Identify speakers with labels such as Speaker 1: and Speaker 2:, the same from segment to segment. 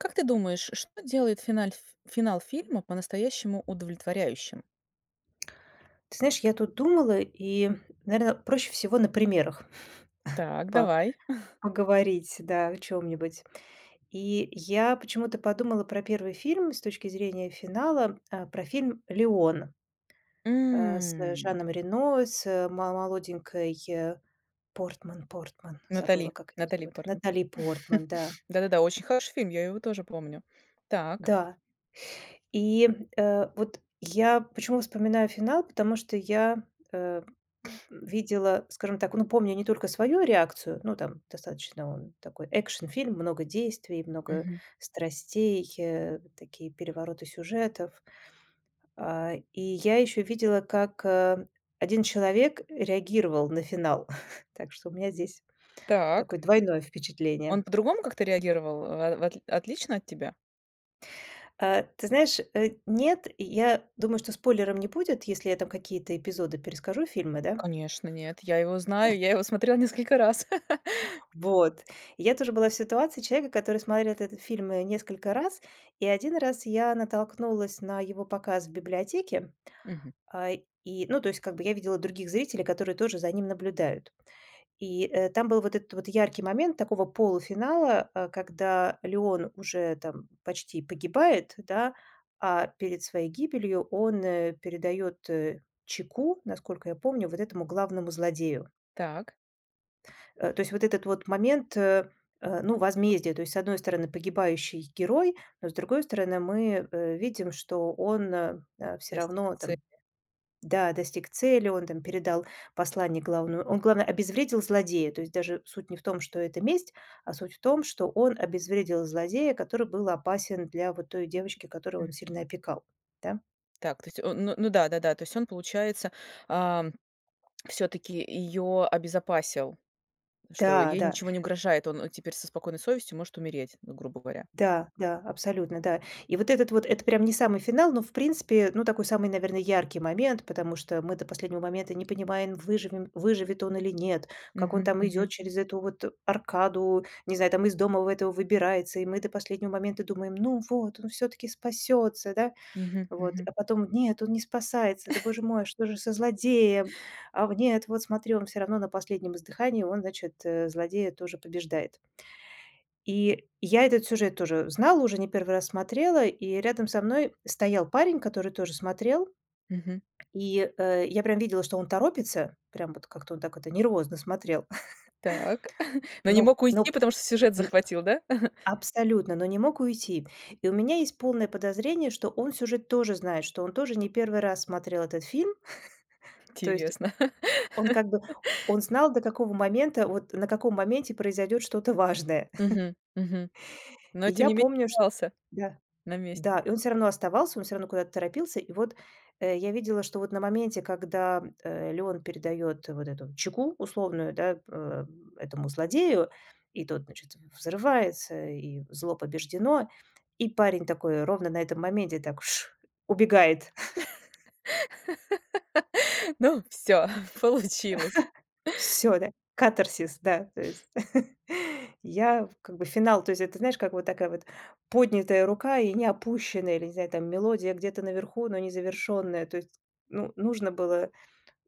Speaker 1: Как ты думаешь, что делает финаль ф финал фильма по-настоящему удовлетворяющим?
Speaker 2: Ты знаешь, я тут думала, и, наверное, проще всего на примерах
Speaker 1: Так,
Speaker 2: по
Speaker 1: давай.
Speaker 2: поговорить, да, о чём-нибудь. И я почему-то подумала про первый фильм с точки зрения финала, про фильм "Леон", а, с
Speaker 1: М.
Speaker 2: Жаном Рено, с мо молоденькой, э, Портман Портман, забыла
Speaker 1: Натали
Speaker 2: как ее
Speaker 1: Натали
Speaker 2: зовут,
Speaker 1: Портман.
Speaker 2: Натали Портман, да.
Speaker 1: Да да да, очень хороший фильм, я его тоже помню. Так.
Speaker 2: Да. И, э, вот я почему вспоминаю финал, потому что я, э, видела, скажем так ну помню не только свою реакцию ну там достаточно он такой, а, экшн-фильм, много действий, много
Speaker 1: Мгм.
Speaker 2: страстей, э, вот такие перевороты сюжетов. А, и я еще видела, как, э, 1 человек реагировал на финал. Так что у меня здесь
Speaker 1: Так,
Speaker 2: такое
Speaker 1: и
Speaker 2: двойное
Speaker 1: Он
Speaker 2: впечатление.
Speaker 1: по другому как то реагировал? Во вотли отлично от тебя?
Speaker 2: А, ты знаешь, э, нет. Я думаю, что спойлером не будет, если я там какие-то эпизоды перескажу фильмы, да?
Speaker 1: Конечно, нет, я его знаю, я его смотрела несколько раз.
Speaker 2: Вот, и я тоже была в ситуации человека, который смотрел этот фильм, э, несколько раз. И 1 раз я натолкнулась на его показ в библиотеке.
Speaker 1: Мгм.
Speaker 2: А, и ну то есть как бы я видела других зрителей, которые тоже за ним наблюдают. И, э, там был вот этот вот яркий момент такого полуфинала, а, когда Леон уже там почти погибает, да, а перед своей гибелью он, э, передает, э, чеку, насколько я помню, вот этому главному злодею.
Speaker 1: Так.
Speaker 2: Э, то есть вот этот вот момент, э, э, ну, возмездия: то есть с одной стороны погибающий герой, но с другой стороны мы, э, видим, что он, э, всё
Speaker 1: Достиг
Speaker 2: равно там
Speaker 1: цели.
Speaker 2: да, достиг цели, он там передал послание главному он, главное, обезвредил злодея. То есть даже суть не в том, что это месть, а суть в том, что он обезвредил злодея, который был опасен для вот той девочки, которую он
Speaker 1: Мгм.
Speaker 2: сильно опекал, да.
Speaker 1: Так, то есть он ну ну да, да-да. То есть он, получается, а, всё-таки её обезопасил. Что
Speaker 2: Да,
Speaker 1: ей
Speaker 2: да.
Speaker 1: ничего не угрожает, он теперь со спокойной совестью может умереть, ну, грубо говоря.
Speaker 2: Да, да, абсолютно, да. И вот этот вот это прям не самый финал, но в принципе ну такой самый, наверно, яркий момент, потому что мы до последнего момента не понимаем, выживем выживет он или нет, как он
Speaker 1: Мгм,
Speaker 2: там идёт
Speaker 1: мгм.
Speaker 2: через эту вот аркаду, не знаю, там из дома в этого выбирается, и мы до последнего момента думаем: ну вот он всё-таки спасётся, да,
Speaker 1: Мгм.
Speaker 2: вот,
Speaker 1: Мгм.
Speaker 2: а потом нет, он не спасается, да боже мой, что же со злодеем? А вот нет, вот смотри, он всё равно на последнем издыхании, он, значит, э, злодея тоже побеждает. И я этот сюжет тоже знала, уже не 1 раз смотрела, и рядом со мной стоял парень, который тоже смотрел.
Speaker 1: Мгм.
Speaker 2: И, э, я прям видела, что он торопится, прям вот как-то он так это нервозно смотрел,
Speaker 1: Так, но не
Speaker 2: ну
Speaker 1: мог
Speaker 2: ну
Speaker 1: уйти, потому что сюжет
Speaker 2: н
Speaker 1: захватил, да?
Speaker 2: абсолютно, но не мог уйти. И у меня есть полное подозрение, что он сюжет тоже знает, что он тоже не 1 раз смотрел этот фильм. То есть,
Speaker 1: Интересно.
Speaker 2: он как бы, он знал, до какого момента вот на каком моменте произойдет что-то важное.
Speaker 1: Мгм, мгм. Но,
Speaker 2: И
Speaker 1: тем
Speaker 2: я
Speaker 1: не менее,
Speaker 2: помню, ш
Speaker 1: вался
Speaker 2: да,
Speaker 1: на месте.
Speaker 2: да, и он всё равно оставался, он всё равно куда-то торопился. И вот, э, я видела, что вот на моменте, когда, э, Леон передает вот эту чеку условную, да, э, этому злодею и тот, значит, взрывается, и зло побеждено. И парень такой ровно на этом моменте так- ш!- убегает.
Speaker 1: Ну всё, получилось!
Speaker 2: Всё да, катарсис, да, то есть. Я как бы финал то есть это знаешь, как вот такая вот поднятая рука и не опущенная, или, не знаю там, мелодия где-то наверху, но не завершенная. То есть ну, нужно было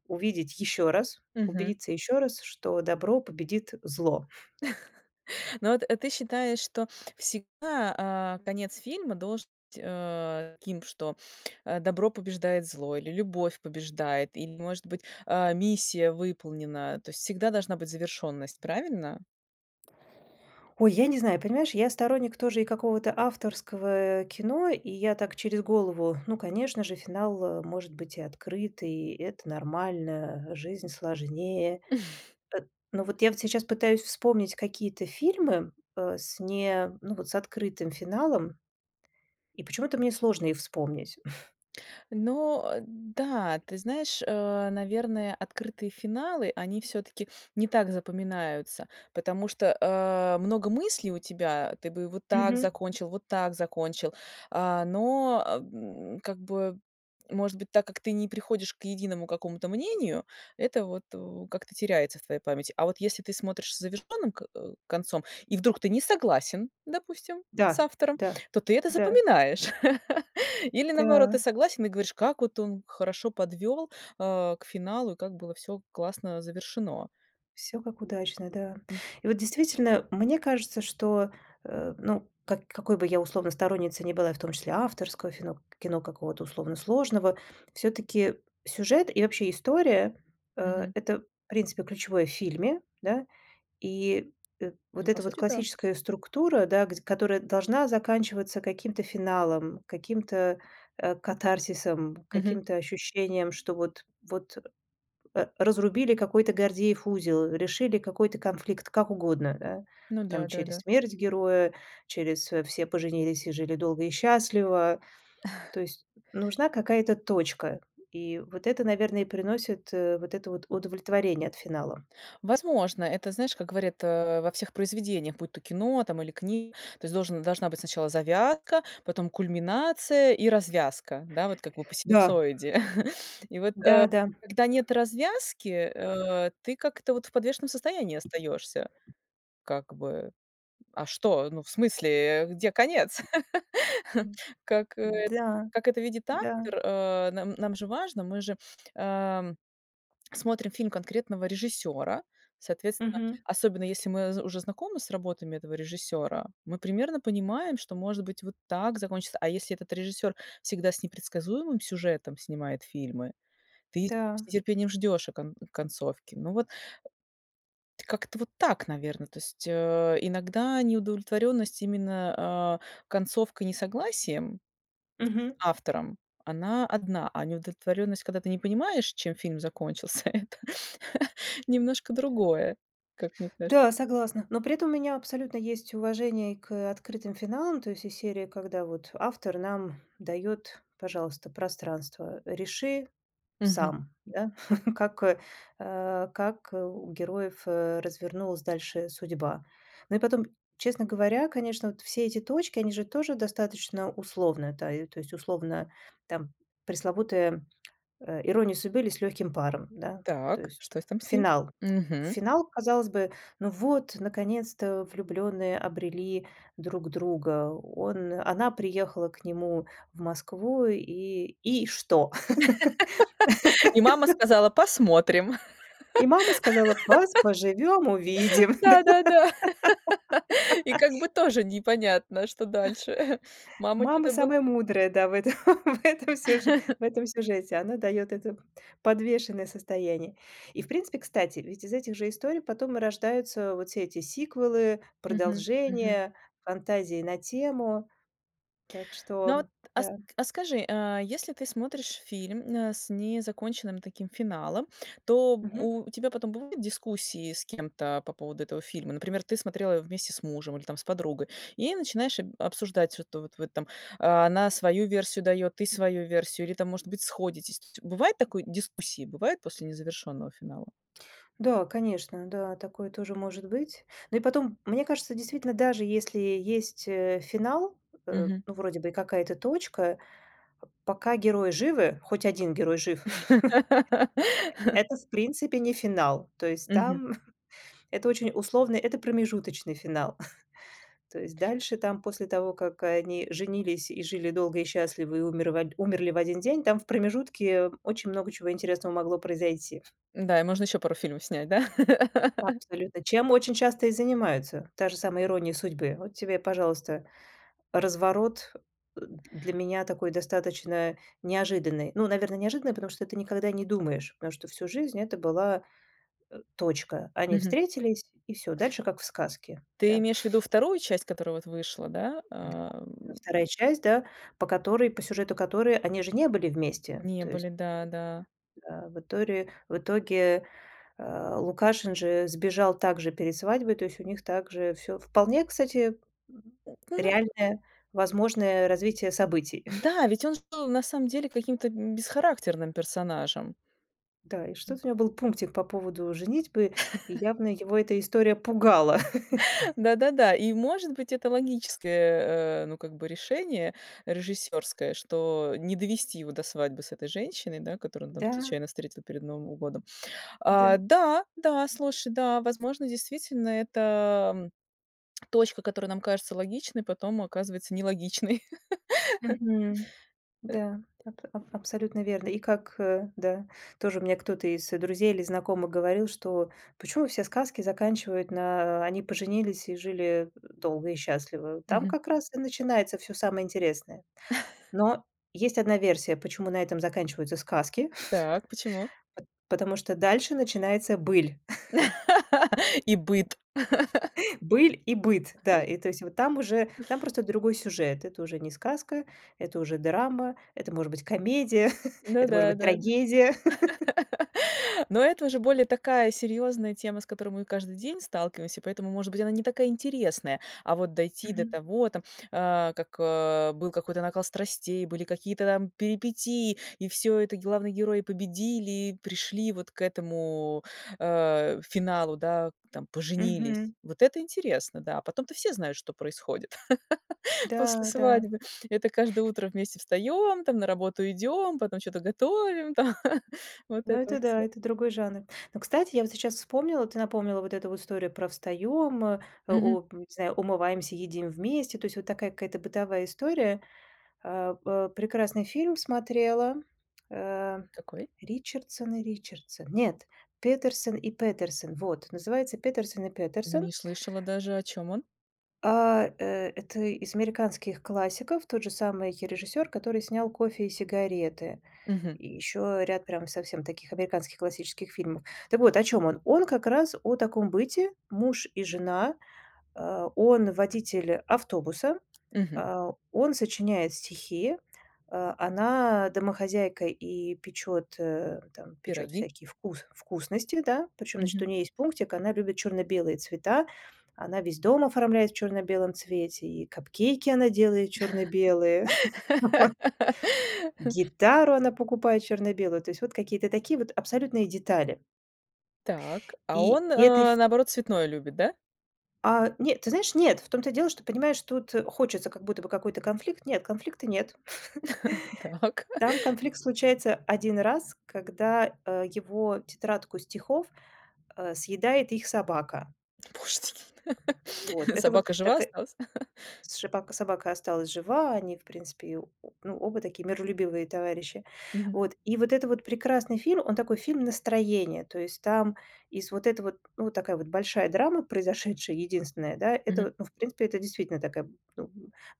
Speaker 2: увидеть еще раз,
Speaker 1: Мгм.
Speaker 2: убедиться ещё раз, что добро победит зло.
Speaker 1: Но вот, а ты считаешь, что всегда, а, конец фильма должен быть, э, таким, что, а, добро побеждает зло или любовь побеждает, или может быть, э, миссия выполнена. То есть всегда должна быть завершенность. Правильно?
Speaker 2: Ой, я не знаю. Понимаешь, я сторонник тоже и какого-то авторского кино, и я так через голову: ну, конечно же, финал, э, может быть и открытый, это нормально, жизнь сложнее. Эт но вот я вот сейчас пытаюсь вспомнить какие-то фильмы, э, с не ну вот с открытым финалом. И почему-то мне сложно их вспомнить.
Speaker 1: Но, э, да, ты знаешь, э, наверное, открытые финалы, они всё-таки не так запоминаются, потому что, э, много мыслей у тебя, ты бы вот так
Speaker 2: Мгм.
Speaker 1: закончил, вот так закончил, а, но, м, как бы может быть, так как ты не приходишь к единому какому-то мнению, это вот, э, как-то теряется в твоей памяти. А вот если ты смотришь с завершённым ко концом и вдруг ты не согласен, допустим, с
Speaker 2: Да,
Speaker 1: автором,
Speaker 2: да,
Speaker 1: то ты это
Speaker 2: да.
Speaker 1: запоминаешь. Или, наоборот, ты
Speaker 2: Да.
Speaker 1: согласен и говоришь, как вот он хорошо подвёл, а, к финалу и как было всё классно завершено.
Speaker 2: Всё как удачно, да.
Speaker 1: М.
Speaker 2: И вот действительно, мне кажется, что, э, ну как какой бы я условно сторонницей не была и в том числе авторского фино кино, какого-то условно сложного, всё-таки сюжет и вообще история- э,
Speaker 1: Мгм.
Speaker 2: э, то в принципе ключевое в фильме, да. И, э,
Speaker 1: Ну,
Speaker 2: вот, э,
Speaker 1: по
Speaker 2: та вот
Speaker 1: сути, да.
Speaker 2: классическая структура, да, гдь которая должна заканчиваться каким-то финалом, каким-т, э, катарсисом,
Speaker 1: Мгм.
Speaker 2: каким-то ощущением, что вот вот, э, разрубили какой-то Гордеев узел, решили какой-то конфликт как угодно, да.
Speaker 1: Ну
Speaker 2: Там
Speaker 1: да, да,
Speaker 2: через
Speaker 1: да.
Speaker 2: смерть героя, через "все поженились и жили долго и счастливо". То есть нужна какая-то точка. И вот это, наверное, и приносит, э, вот это вот удовлетворение от финала.
Speaker 1: Возможно, это знаешь, как говорят, э, во всех произведениях, будь то кино там или книга. То есть должен должна быть сначала завязка, потом кульминация и развязка. Да, вот как вы по
Speaker 2: Да.
Speaker 1: синусоиде. И вот, а,
Speaker 2: Да, да.
Speaker 1: когда нет развязки, э, ты как-то вот в подвешенном состоянии остаёшься. Как бы, а что? Ну, в смысле, где конец? Как э
Speaker 2: Да.
Speaker 1: как это видит
Speaker 2: Да.
Speaker 1: автор, э, нам нам же важно. Мы же, ам, смотрим фильм конкретного режиссёра. Соответственно,
Speaker 2: Мгм.
Speaker 1: особенно если мы зэ уже знакомы с работами этого режиссёра, мы примерно понимаем, что может быть вот так закончится. А если этот режиссёр всегда с непредсказуемым сюжетом снимает фильмы, ты
Speaker 2: Да.
Speaker 1: с нетерпением ждёшь кон концовки. Ну вот как-то вот так, наверно. То есть, э, иногда неудовлетворенность именно, а, концовкой, несогласием с
Speaker 2: Мгм.
Speaker 1: автором- она одна, а неудовлетворённость, когда ты не понимаешь, чем фильм закончился, это немножко другое, как мне кажется.
Speaker 2: Да, согласна. Но при этом у меня абсолютно есть уважение к, э, открытым финалам, то есть из серии, когда вот автор нам дает, пожалуйста, пространство, реши
Speaker 1: Мгм.
Speaker 2: сам, да, как, э, э, как, э, у героев, э, развернулась дальше судьба. Ну и потом, честно говоря, конечно, вот все эти точки, они же тоже достаточно условны. Да, то есть условно там, пресловутая, э, "Ирония судьбы, или С лёгким паром!", да. То
Speaker 1: Так,
Speaker 2: есть
Speaker 1: что с там с ним?
Speaker 2: финал.
Speaker 1: Мгм.
Speaker 2: Финал, казалось бы: ну вот, наконец-то, влюблённые обрели друг друга. Он она приехала к нему в Москву, и и что?
Speaker 1: И мама сказала, посмотрим.
Speaker 2: И мама сказала, поз поживем увидим. Да?
Speaker 1: Да, да, да. И как бы тоже непонятно, что дальше. Мама
Speaker 2: Мама
Speaker 1: чё-то был
Speaker 2: самая мудрая, да в этом, в этом сюж в этом сюжете. Она дает это подвешенное состояние. И в принципе, кстати, ведь из этих же историй потом и рождаются вот все эти сиквелы,
Speaker 1: Мгм, мгм.
Speaker 2: продолжения, фантазии на тему. Так
Speaker 1: Ну вот,
Speaker 2: что
Speaker 1: а ск
Speaker 2: да.
Speaker 1: а скажи, а если ты смотришь фильм, э, с незаконченным таким финалом, то
Speaker 2: Мгм.
Speaker 1: у тебя потом будут дискуссии с кем-то по поводу этого фильма? Например, ты смотрела его вместе с мужем или там с подругой, и начинаешь об обсуждать, что-то вот вот там: она свою версию дает, ты свою версию, или там может быть сходитесь. Ци бывает такое дискуссии, бывает после незавершенного финала?
Speaker 2: Да, конечно, да, такое тоже может быть. Ну и потом, мне кажется, действительно, даже если есть, э, финал, э,
Speaker 1: Мгм.
Speaker 2: ну вроде бы и какая-то точка, пока герои живы, хоть 1 герой жив, это, в принципе, не финал. То есть
Speaker 1: Мгм.
Speaker 2: там это очень условно, это промежуточный финал. То есть дальше там, после того, как они женились и жили долго и счастливо, и умер в од умерли в один день, там в промежутке очень много чего интересного могло произойти.
Speaker 1: Да, и можно ещё пару фильмов снять, да?
Speaker 2: Абсолютно! Чем очень часто и занимаются. Та же самая "Ирония судьбы". Вот тебе, пожалуйста, разворот для меня такой достаточно неожиданный. Ну, наверно, неожиданный, потому что ты никогда не думаешь, потому что всю жизнь это была, э, точка. Они
Speaker 1: Мгм.
Speaker 2: встретились, и всё, дальше как в сказке.
Speaker 1: Ты
Speaker 2: Да.
Speaker 1: имеешь в виду 2 часть, которая вот вышла, да,
Speaker 2: Да,
Speaker 1: ам?
Speaker 2: 2 часть, да, по которой по сюжету которой они же не были вместе,
Speaker 1: Не
Speaker 2: то есть
Speaker 1: были,
Speaker 2: [unintelligible]
Speaker 1: да да.
Speaker 2: Да, в иторе в итоге, э, Лукашин же сбежал так же перед свадьбой, то есть у них так же всё вполне кстати
Speaker 1: Она
Speaker 2: реальное возможное развитие событий.
Speaker 1: Да! Ведь он же был на самом деле каким-то, м, бесхарактерным персонажем.
Speaker 2: Да, и
Speaker 1: М.
Speaker 2: что-то у него был пунктик по поводу женитьбы, и явно его эта история пугала.
Speaker 1: Да-да-да. И может быть, это логическое, э, ну, как бы решение режиссерское, что не довести его до свадьбы с этой женщиной, да, которую он там
Speaker 2: Да.
Speaker 1: случайно встретил перед Новым годом.
Speaker 2: Да.
Speaker 1: А да, да, слушай, да, возможно, действительно, это точка, которая нам кажется логичной, потом оказывается нелогичной.
Speaker 2: Мгм.
Speaker 1: Э.
Speaker 2: Да, аб аб абсолютно верно. И как, э, да тоже мне кто-то из друзей или знакомых говорил, что почему все сказки заканчивают, на "они поженились и жили долго и счастливо", там
Speaker 1: Мгм.
Speaker 2: как раз и начинается всё самое интересное. Но есть 1 версия, почему на этом заканчиваются сказки,
Speaker 1: Так, почему?
Speaker 2: п потому что дальше начинается быль.
Speaker 1: И быт.
Speaker 2: Быль и быт. Да. И то есть вот там уже там просто другой сюжет. Это уже не сказка, это уже драма, это может быть комедия,
Speaker 1: Ну
Speaker 2: это может
Speaker 1: да,
Speaker 2: быть
Speaker 1: да, да.
Speaker 2: трагедия.
Speaker 1: Но это уже более такая серьёзная тема, с которой мы каждый день сталкиваемся, поэтому, может быть, она не такая интересная, а вот дойти до
Speaker 2: Мгм.
Speaker 1: того там а, как, э, был какой-то накал страстей, были какие-то там перипетии, и всё это главные герои победили, пришли вот к этому, э, финалу, да, там поженились.
Speaker 2: Мгм.
Speaker 1: Вот это интересно, да, а потом-то все знают, что происходит после
Speaker 2: Да, да.
Speaker 1: свадьбы. Это каждое утро вместе встаем, там на работу идем, потом чё-то готовим там. Вот
Speaker 2: Ну
Speaker 1: это
Speaker 2: это
Speaker 1: вот
Speaker 2: да,
Speaker 1: всё.
Speaker 2: это другой жанр. Но, кстати, я вот сейчас вспомнила, ты напомнила вот эту вот историю про "встаём, э,
Speaker 1: Мгм.
Speaker 2: олп не знаю, умываемся, едим вместе", то есть вот такая какая-то бытовая история. Э, э, прекрасный фильм смотрела, э,
Speaker 1: Какой?
Speaker 2: "Ричардсон и Ричардсон", нет, "Петерсон и Петерсон"? Вот! Называется "Петерсон и Петерсон"
Speaker 1: Не слышала даже. О чём он?
Speaker 2: а, э, это из американских классиков, тот же самый режиссер, который снял "Кофе и сигареты"
Speaker 1: Мгм.
Speaker 2: и еще ряд прям совсем таких американских классических фильмов. Так вот о чём он. Он как раз о таком быте: муж и жена, э, он- водитель автобуса,
Speaker 1: Мгм.
Speaker 2: э, он сочиняет стихи, э, она- домохозяйка и печет, э, там печет
Speaker 1: Пироги.
Speaker 2: всякие вкус вкусности, да. Причем, значит, у
Speaker 1: Мгм.
Speaker 2: ней есть пунктик: она любит черно-белые цвета. Она весь дом оформляет в черно-белом цвете, и капкейки она делает черно-белые, вот, гитару она покупает черно-белую. То есть вот какие-то такие вот абсолютные детали.
Speaker 1: Так, а
Speaker 2: И
Speaker 1: он,
Speaker 2: это
Speaker 1: э,
Speaker 2: фи
Speaker 1: наоборот, цветное любит, да?
Speaker 2: А нет, ты знаешь, нет. В том-то и дело, что, понимаешь, тут хочется как будто бы какой-то конфликт. Нет, конфликта нет.
Speaker 1: Так.
Speaker 2: Там конфликт случается 1 раз, когда, э, его тетрадку стихов, э, съедает их собака.
Speaker 1: Боже ты
Speaker 2: Вот.
Speaker 1: н
Speaker 2: Это вот
Speaker 1: собака жива
Speaker 2: така
Speaker 1: осталась?
Speaker 2: сшипака собака осталась жива, они в принципе её о ну, оба такие миролюбивые товарищи.
Speaker 1: Мгм.
Speaker 2: Вот. И вот это вот прекрасный фильм, он такой фильм-настроение. То есть там из вот этого т ну, вот такая вот большая драма произошедшая, единственная да, это
Speaker 1: Мгм.
Speaker 2: вот ну, в принципе, это действительно такая, ну,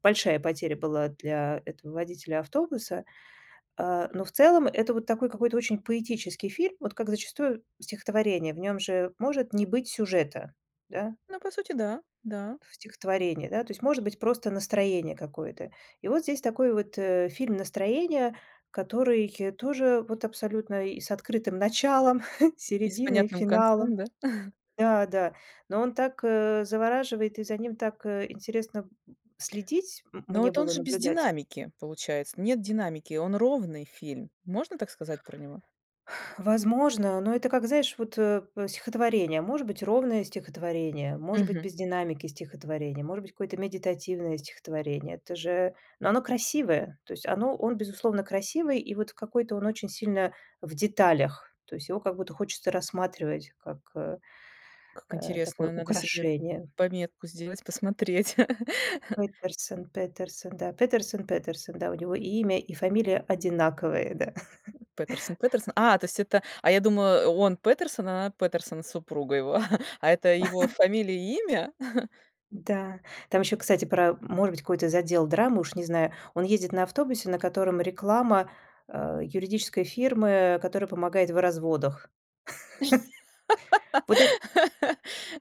Speaker 2: большая потеря была для этого водителя автобуса, э, но в целом, это вот такой какой-то очень поэтический фильм, вот как зачастую стихотворение, в нём же может не быть сюжета, да.
Speaker 1: Ну по сути да, да.
Speaker 2: В стихотворении, да, то есть может быть просто настроение какое-то. И вот здесь такой вот, э, фильм-настроение, который тоже вот абсолютно и с открытым началом,
Speaker 1: И с
Speaker 2: серединой,
Speaker 1: понятным концом,
Speaker 2: финалом.
Speaker 1: да?
Speaker 2: Да, да. Но он так завораживает и за ним так, э, интересно следить м
Speaker 1: Но
Speaker 2: мне
Speaker 1: вот он
Speaker 2: было
Speaker 1: же без
Speaker 2: наблюдать.
Speaker 1: динамики, получается. Нет динамики, он ровный фильм. Можно так сказать про него?
Speaker 2: Возможно. Но это, как знаешь вот, э, в стихотворение. Может быть ровное стихотворение, может быть
Speaker 1: Мгм.
Speaker 2: без динамики стихотворение, может быть какое-то медитативное стихотворение. Это же но оно красивое. То есть оно он, безусловно, красивый, и вот какой-то он очень сильно в деталях. То есть его как будто хочется рассматривать, как, э,
Speaker 1: Как
Speaker 2: э, такое
Speaker 1: интересно, надо себе
Speaker 2: украшение.
Speaker 1: пометку сделать, посмотреть.
Speaker 2: Петерсон, Петерсон да. Петерсон, Петерсон, да, у него и имя, и фамилия одинаковые, да.
Speaker 1: Петерсон, Петерсон А, то есть это а я думаю, он Петерсон, а она Петерсона супруга его, а это его фамилия и имя?
Speaker 2: Да, там еще, кстати, про может быть, какую-то задел драму, уж не знаю. Он ездит на автобусе, на котором реклама, э, юридической фирмы, которая помогает в разводах. Вот эт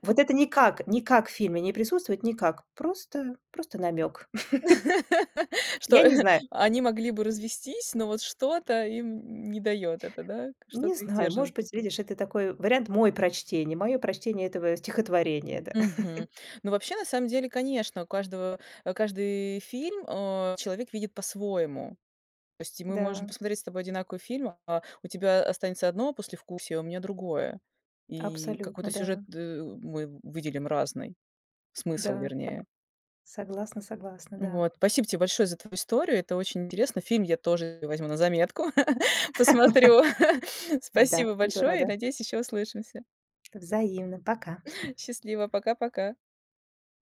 Speaker 2: вот это никак, никак в фильме не присутствует, никак. Просто, просто намёк.
Speaker 1: Что,
Speaker 2: Я не знаю.
Speaker 1: они могли бы развестись, но вот что-то им не даёт это, да?
Speaker 2: Не
Speaker 1: Что-то их
Speaker 2: знаю,
Speaker 1: держит с
Speaker 2: может
Speaker 1: друг
Speaker 2: быть,
Speaker 1: дру
Speaker 2: видишь, это такой вариант мой прочтений, мое прочтение этого стихотворения, да.
Speaker 1: Мгм. Ну вообще, на самом деле, конечно, у каждого каждый фильм, а, человек видит по-своему. То есть мы можем
Speaker 2: Да.
Speaker 1: посмотреть с тобой одинаковый фильм, а у тебя останется одно послевкусие, а у меня другое. И какой-то
Speaker 2: Абсолютно,
Speaker 1: сюжет,
Speaker 2: да.
Speaker 1: ы, мы выделим разный. Смысл,
Speaker 2: Да, сог
Speaker 1: вернее.
Speaker 2: согласна, согласна, да.
Speaker 1: Вот, спасибо тебе большое за твою историю. Это очень интересно, фильм я тоже возьму на заметку, посмотрю.
Speaker 2: Да,
Speaker 1: Спасибо
Speaker 2: буду
Speaker 1: большое, и
Speaker 2: рада.
Speaker 1: надеюсь еще услышимся.
Speaker 2: Взаимно, пока.
Speaker 1: Счастливо, пока-пока.